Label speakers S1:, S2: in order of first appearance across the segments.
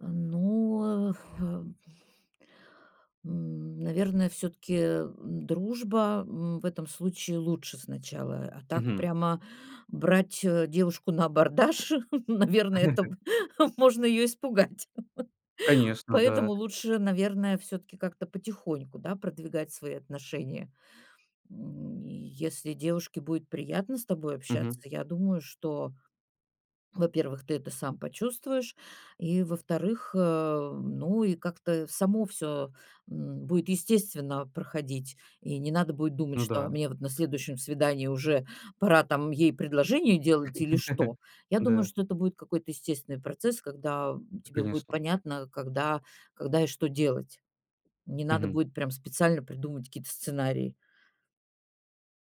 S1: Э, ну, э, ф э н наверное, всё-таки, м, дружба, м, в этом случае лучше сначала. А так
S2: Мгм.
S1: прямо, брать, э, девушку на абордаж, наверно, это б можно её испугать.
S2: Конечно,
S1: Поэтому
S2: да.
S1: лучше, наверное, всё-таки как-то потихоньку, да, продвигать свои отношения. М, и если девушке будет приятно с тобой общаться,
S2: Мгм.
S1: я думаю, что, во-первых, ты это сам почувствуешь. И, во-вторых, э, ну, и как-то само всё, м, будет естественно проходить. И не надо будет думать,
S2: Ну
S1: что: "А
S2: да.
S1: мне вот на следующем свидании уже пора там ей предложение делать или что?" Я думаю,
S2: Да.
S1: что это будет какой-то естественный процесс, когда
S2: Ну,
S1: тебе будет
S2: конечно.
S1: понятно, когда когда и что делать. Не надо
S2: Мгм.
S1: будет прям специально придумывать какие-то сценарии.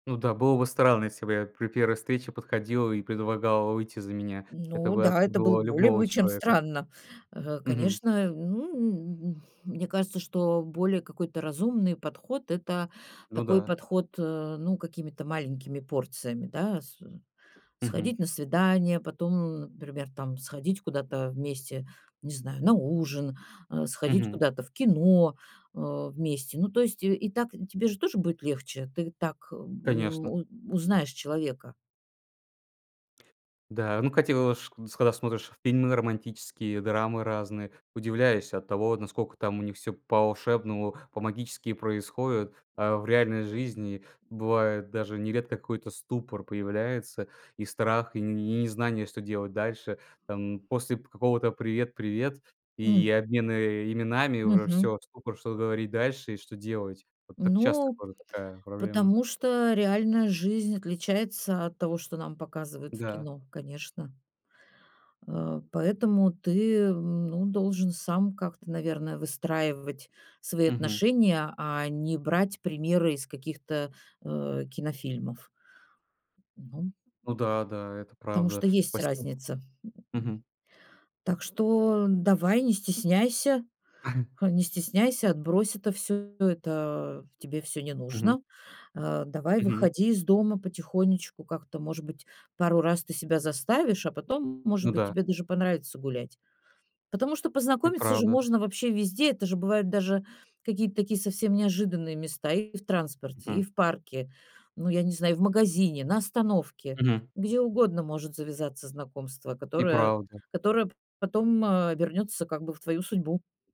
S2: Ну да, было бы странно, если бы я при 1-й встрече подходил и предлагал выйти за меня. Это
S1: Ну
S2: бы
S1: да, это было
S2: отпугило
S1: более
S2: любого
S1: бы, чем
S2: человека.
S1: странно. Э,
S2: Мгм.
S1: конечно, ну, м, мне кажется, что более какой-то разумный подход- это
S2: Ну
S1: такой
S2: да.
S1: подход, э, ну, какими-то маленькими порциями, да. С
S2: Мгм.
S1: сходить на свидание. Потом, ну, например, там, сходить куда-то вместе, не знаю, на ужин, э, сходить
S2: Мгм.
S1: куда-то в кино, э, вместе. Ну, то есть и так тебе же тоже будет легче, ты так, м,
S2: Конечно.
S1: у узнаешь человека.
S2: Да, ну, котилож когда смотришь фильмы романтические, драмы разные, удивляюсь от того, наскока там у них всё по-волшебному, по-магически происходит. А в реальной жизни бывает даже нередко какой-то ступор появляется, и страх, и не незнание, что делать дальше. Там после п какого-то привет-привет и
S1: М.
S2: обмена именами уже
S1: Мгм.
S2: всё, ступор, что говорить дальше и что делать. Вот так часто
S1: Ну,
S2: тоже такая проблема.
S1: потому что реальная жизнь отличается от того, что нам показывают в
S2: Да.
S1: кино, конечно. Э, поэтому ты, э, ну, должен сам как-то, наверное, выстраивать свои
S2: Мгм.
S1: отношения, а не брать примеры из каких-то, э, кинофильмов. Ну,
S2: Ну да, да, это
S1: потому что
S2: правда..
S1: есть
S2: [unintelligible]
S1: разница, м,
S2: Мгм.
S1: так что давай, не стесняйся. А, не стесняйся, отбрось это всё. Это тебе всё не
S2: Мгм.
S1: нужно. А, давай
S2: Мгм.
S1: выходи из дома потихонечку, как-то, может быть, пару раз ты себя заставишь, а потом, может
S2: Ну
S1: быть,
S2: да.
S1: тебе даже понравится гулять. Потому что
S2: И
S1: познакомиться же
S2: правда.
S1: можно вообще везде. Это же бывают даже какие-то такие совсем неожиданные места: и в транспорте, и
S2: Мгм.
S1: в парке, ну, я не знаю, и в магазине, на остановке.
S2: Мгм.
S1: Где угодно может завязаться знакомство,
S2: И
S1: которое
S2: правда.
S1: которое п потом, э, обернётся как бы в твою судьбу.